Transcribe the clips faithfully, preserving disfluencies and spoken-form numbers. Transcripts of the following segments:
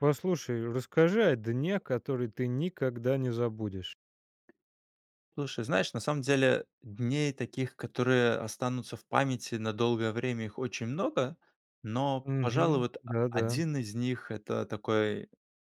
Послушай, расскажи о дне, который ты никогда не забудешь. Слушай, знаешь, на самом деле дней таких, которые останутся в памяти на долгое время, их очень много. Но, пожалуй, Мгм. вот а а Да-да. один из них- это такой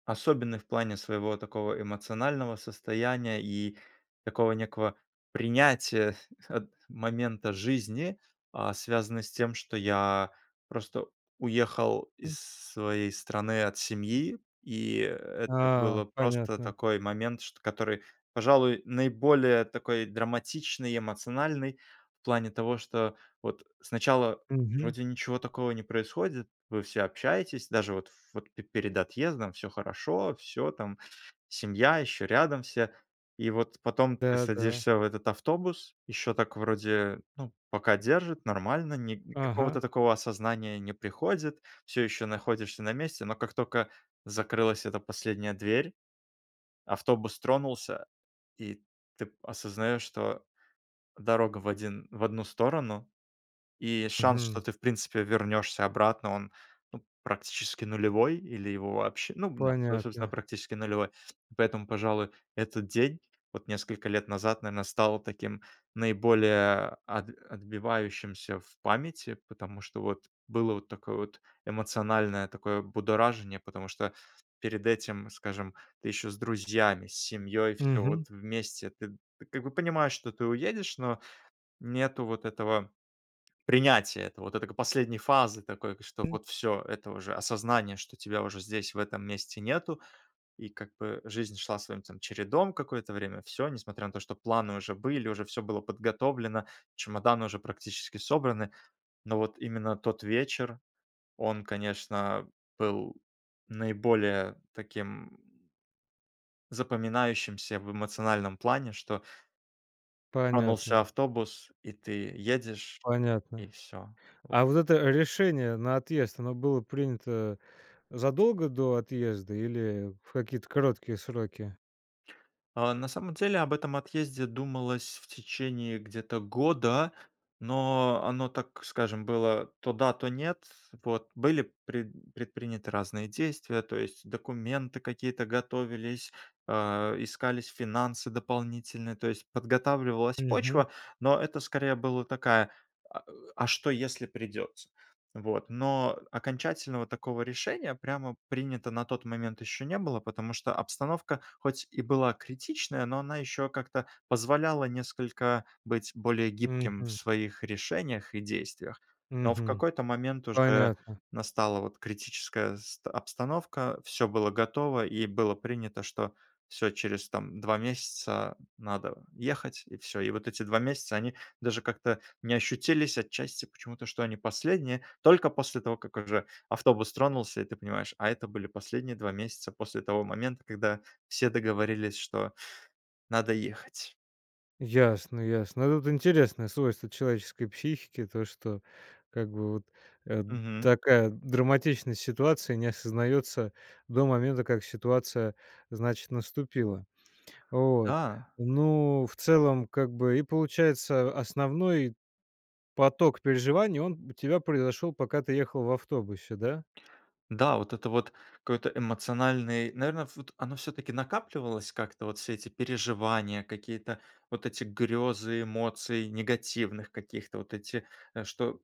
особенный в плане своего такого эмоционального состояния и такого некого принятия от момента жизни, а, связанно с тем, что я просто уехал М. из своей страны от семьи. И это А, было просто понятно. такой момент, шт который, пожалуй, наиболее такой драматичный и эмоциональный, в плане того, что вот сначала Мгм. вроде ничего такого не происходит, вы все общаетесь, даже вот вот пе перед отъездом: всё хорошо, всё там семья, ещё рядом все. И вот потом ты Да-да. садишься в этот автобус, ещё так вроде, ну пока держит, нормально, ни никакого-то Ага. такого осознания не приходит, всё ещё находишься на месте, но как тока закрылась эта последняя дверь, автобус тронулся, и ты осознаёшь, что дорога в один в одну сторону, и шанс, что Мгм. ты в принципе вернёшься обратно, он, ну практически нулевой, или его вообще ну да, со собственно Понятно. практически нулевой. Поэтому, пожалуй, этот день, вот несколько лет назад, наверно, стал таким наиболее от отбивающимся в памяти. Потому что вот было вот такое вот эмоциональное такое будоражение, потому что перед этим, скажем, ты ещё с друзьями, с семьёй, всё Мгм. вот вместе. Ты ты как бы понимаешь, что ты уедешь, но нету вот этого принятия этого, вот это к последней фазы такой, к что М. вот всё, это уже осознание, что тебя уже здесь, в этом месте нету. И как бы жизнь шла своим там чередом какое-то время, всё, несмотря на то что планы уже были, уже всё было подготовлено, чемоданы уже практически собраны, но вот именно тот вечер, он, конечно, был наиболее таким запоминающимся в эмоциональном плане, что тронулся Понятно. автобус, и ты едешь, и Понятно. всё. А вот это решение на отъезд, оно было принято задолго до отъезда или в какие-то короткие сроки? А, на самом деле, об этом отъезде думалось в течении где-то года, но оно, так скажем, было то да, то нет. Вот. Были пред предприняты разные действия, то есть документы какие-то готовились, а, искались финансы дополнительные, то есть подготавливалась Мгм. почва, но это скорее была такая, а, э, а что если придётся? Вот. Но окончательного такого решения прямо принято на тот момент ещё не было, потому что обстановка хоть и была критичная, но она ещё как-то позволяла несколько быть более гибким в Мгм. своих решениях и действиях. Но в Мгм. какой-то момент уже Понятно. настала вот критическая ст обстановка, всё было готово и было принято, что всё, через там два месяца надо ехать. И всё, и вот эти два месяца- они даже как-то не ощутились отчасти почему-то, что они последние, только после того, как уже автобус тронулся и ты понимаешь: "A это были последние два месяца после того момента, когда все договорились, что надо ехать. Ясно, ясно. Ну тут интересное свойство человеческой психики то, что как бы вот, э, Мгм. такая драматичность ситуации не осознается до момента, как ситуация, значит, наступила. Вот, Да. ну в целом как бы и получается основной поток переживаний он б тебя произошел пока ты ехал в автобусе, да? Да, вот это вот какой-то эмоциональный наверно вот оно всё-таки накапливалось как-то вот все эти переживания какие-то, вот эти грёзы эмоций негативных каких-то. Вот эти, э, что,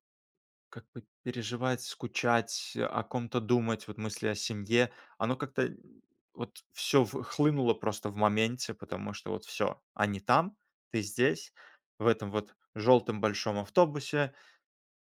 как бы, переживать, скучать, о ком-то думать, вот мысли о семье, оно как-то вот всё в хлынуло просто в моменте. Потому что, вот всё, они там, ты здесь, в этом вот жёлтом большом автобусе.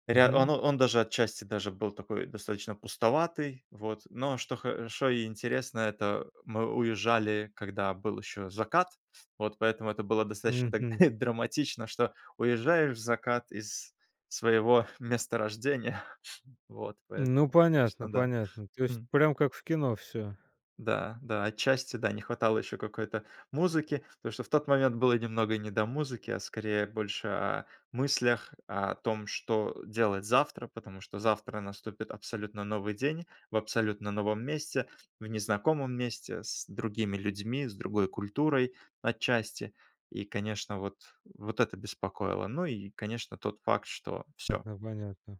Ря он Мгм. он даже отчасти даже был такой достаточно пустоватый. Вот, но что хоошо и интересно, это мы уезжали, когда был ещё закат, вот. Поэтому это было достаточно так Мгм. драматично, что уезжаешь в закат из своего месторождения. Вот, Ну поэтому, понятно, конечно, да. понятно то есть Хм. прям как в кино всё. Да, да отчасти, да. Не хватало ещё какой-то музыки, потому что в тот момент было немного не до музыки, а скорее больше о мыслях. О том, что делать завтра, потому что завтра наступит абсолютно новый день, в абсолютно новом месте, в незнакомом месте, с другими людьми, с другой культурой отчасти. И, конечно, вот, вот это беспокоило. Ну и, конечно, тот факт, что всё. Ага, понятно.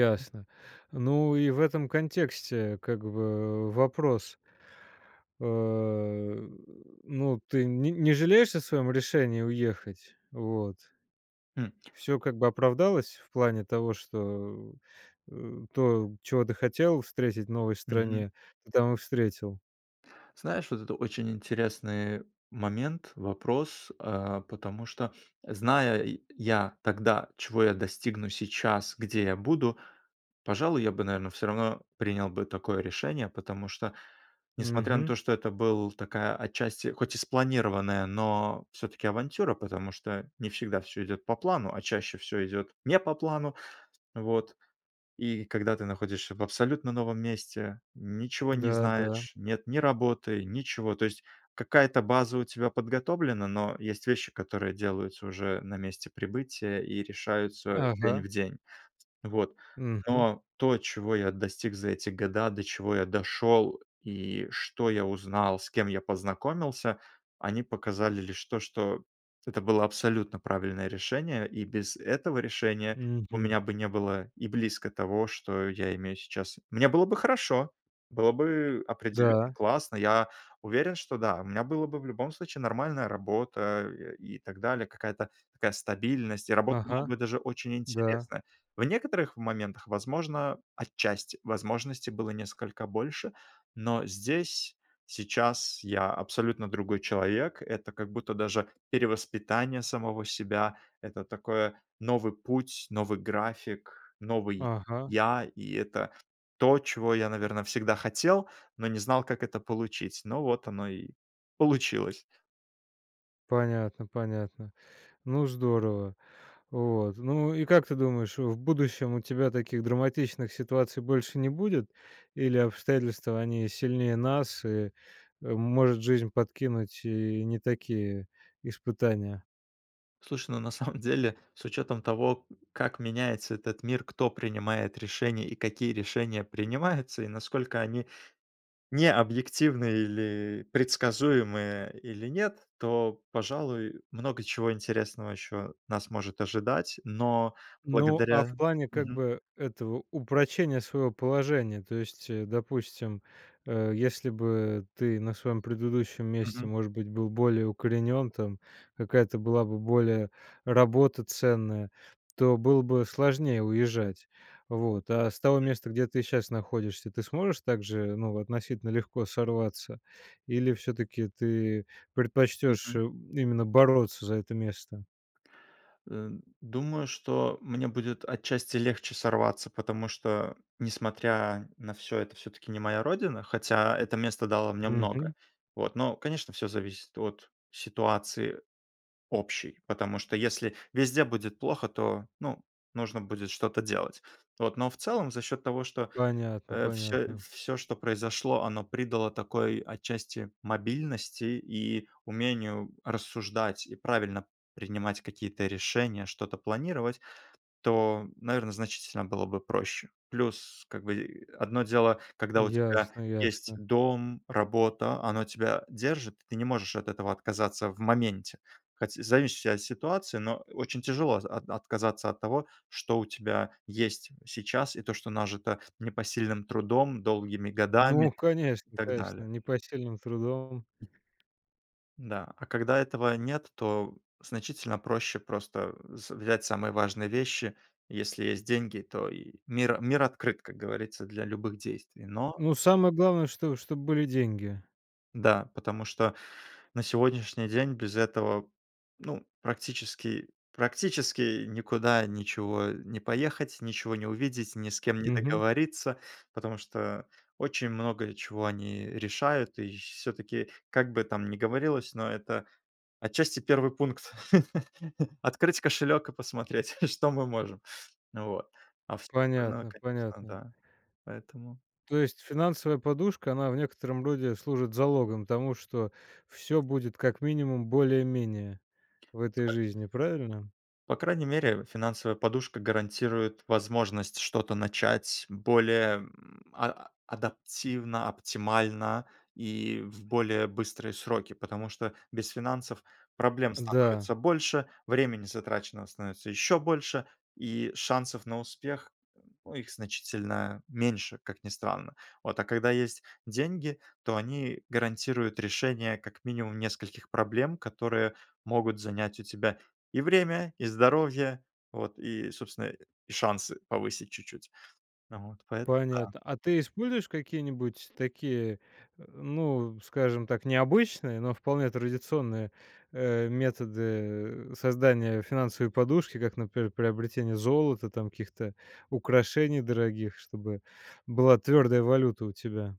[unintelligible] Ну и в этом контексте как бы вопрос э, ну ты нь не жалеешь о своём решении уехать? Вот. Хм. Всё как бы оправдалось? В плане того, что, э, то, чего ты хотел встретить в новой Мгм. стране, ты там и встретил? Знаешь, вот это очень интересный момент, вопрос, а, потому что, зная я тогда, чего я достигну сейчас, где я буду,- пожалуй, я бы, наверно, всё равно принял бы такое решение. Потому что, несмотря на Мгм. то, что это был такая отчасти, хоть и спланированная, но всё-таки авантюра. Потому что не всегда всё идёт по плану, а чаще всё идёт не по плану. Вот и когда ты находишься в абсолютно новом месте, ничего не Да, да. знаешь, нет ни работы, ничего. То есть какая-то база у тебя подготовлена, но есть вещи, которые делаются уже на месте прибытия и решаются день Ага. в день. Вот, Мгм. но то, чего я достиг за эти года, до чего я дошёл, и что я узнал, с кем я познакомился,- они показали лишь то, что это было абсолютно правильное решение. И без этого решения у Мгм. меня бы не было и близко того, что я имею сейчас. Мне было бы хорошо, было бы определенно Да. классно, я уверен, что да, у меня было бы в любом случае нормальная работа, э, и так далее, какая-то такая стабильность, и работа была Ага, бы даже очень да. интересная. В некоторых моментах, возможно, отчасти возможностей было несколько больше, но здесь, сейчас, я абсолютно другой человек. Это как будто даже перевоспитание самого себя, это такое- новый путь, новый график, новый Ага. я. И это то, чего я, наверно, всегда хотел, но не знал, как это получить, но вот оно и получилось. Понятно, понятно. Ну здорово. Вот, ну и как ты думаешь, э, в будущем у тебя таких драматичных ситуаций больше не будет, или обстоятельства, они сильнее нас, и, э, может, жизнь подкинуть и не такие испытания? Слушай, ну, на самом деле, с учетом того, как меняется этот мир, кто принимает решения и какие решения принимаются, и насколько они не объективны, или предсказуемые, или нет,- то, пожалуй, много чего интересного ещё нас может ожидать. Но Ну, а благодаря в плане, как Мгм. бы, этого упрочения своего положения, то есть, э, допустим, э, если бы ты на своем предыдущем месте, Мгм. может быть, был более укоренен там, какая-то была бы более работа ценная, то было бы сложнее уезжать. Вот. А с того М. места, где ты щас находишься, ты сможешь также, ну, относительно легко сорваться или все-таки ты предпочтёшь, э, Мгм. именно бороться за это место? Эм, думаю, что мне будет отчасти легче сорваться, потому что, несмотря на всё- это всё-таки не моя родина, хотя это место дало мне много. Мгм. Вот, но, конечно, всё зависит от ситуации общей, потому что, если везде будет плохо, то, ну, нужно будет что-то делать. Вот, но в целом, за счёт того, что, Понятно, э, всё понятно. всё, что произошло, оно придало такой отчасти мобильности и умению рассуждать и правильно принимать какие-то решения, что-то планировать, то, наверное, значительно было бы проще. Плюс, как бы, одно дело, когда у тебя Ясно, есть ясно. дом, работа, оно тебя держит, ты не можешь от этого отказаться в моменте. Хотя зависящая от ситуации, но очень тяжело з от отказаться от того, что у тебя есть сейчас, и то, что нажито непосильным трудом, долгими годами Ну и конечно, так конечно, далее. непосильным трудом! Да, а когда этого нет, то значительно проще просто, э, с взять самые важные вещи. Если есть деньги, то и мир мир открыт, как говорится, для любых действий, но Ну самое главное, чтоб чтоб были деньги. Да, потому что на сегодняшний день без этого, ну, практически, практически никуда ничего не поехать, ничего не увидеть, ни с кем не Мгм. договориться, потому что очень много чего они решают. И всё-таки, как бы там не говорилось, но это отчасти первый пункт открыть кошелёк и посмотреть, что мы можем. Вот. А всё остальное, Понятно, конечно, понятно. да, поэтому То есть финансовая подушка, она в некотором роде служит залогом тому, что всё будет как минимум более-менее в этой жизни. Правильно? По крайней, мере финансовая подушка гарантирует возможность что-то начать более, м, а адаптивно, оптимально и в более быстрые сроки, потому что без финансов проблем Да. становится больше, времени затраченного становится ещё больше, и шансов на успех, ну, их значительно меньше, как ни странно. Вот, а когда есть деньги, то они гарантируют решение, как минимум, нескольких проблем, которые могут занять у тебя и время, и здоровье, вот, и собственно и шансы повысить чуть-чуть, ну вот поэт да. Понятно, а ты используешь какие-нибудь такие, э, ну, скажем так, необычные, но вполне традиционные, э, методы создания финансовой подушки, как, например, приобретение золота, там каких-то украшений дорогих, чтобы была твердая валюта у тебя?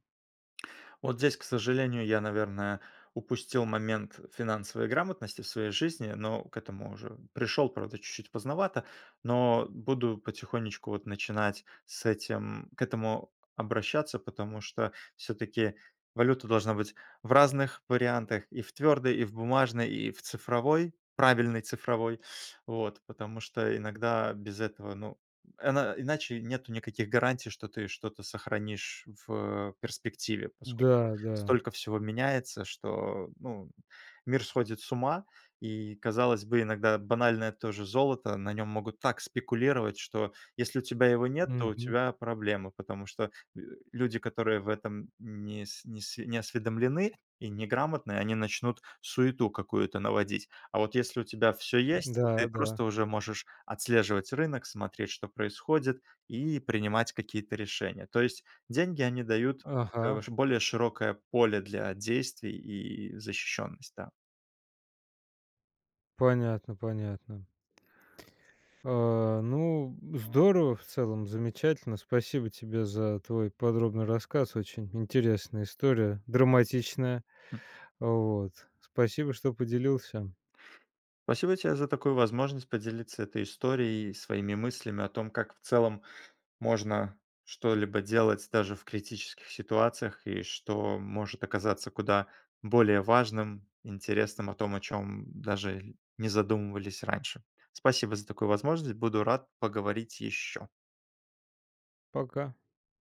Вот здесь, к сожалению, я, наверное, упустил момент финансовой грамотности в своей жизни, но к этому уже пришёл, правда, чуть-чуть поздновато. Но буду потихонечку вот начинать с этим к этому обращаться, потому что всё-таки валюта должна быть в разных вариантах: и в твёрдой, и в бумажной, и в цифровой, правильной цифровой. Вот, потому что иногда без этого, ну, эна иначе нету никаких гарантий, что ты что-то сохранишь в перспективе, поскольку Да, да. столько всего меняется, что, ну, мир сходит с ума. И казалось бы, иногда банальное то же золото- на нём могут так спекулировать, что если у тебя его нет, то у Мгм. тебя проблемы. Потому что, э, люди, которые в этом нес неси не осведомлены и неграмотны, они начнут суету какую-то наводить. А вот если у тебя всё есть, ты Да, да. просто уже можешь отслеживать рынок, смотреть, что происходит, и принимать какие-то решения. То есть деньги- они дают, э, Ага. ваш более широкое поле для действий и защищённость, да. Понятно, понятно. А, ну, здорово, в целом замечательно. Спасибо тебе за твой подробный рассказ, очень интересная история, драматичная. Хм. Вот, спасибо что поделился. Спасибо тебе за такую возможность поделиться этой историей и своими мыслями о том, как в целом можно что-либо делать даже в критических ситуациях, и что может оказаться куда более важным, интересным, о том, о чём даже не задумывались раньше. Спасибо за такую возможность, буду рад поговорить ещё. Пока.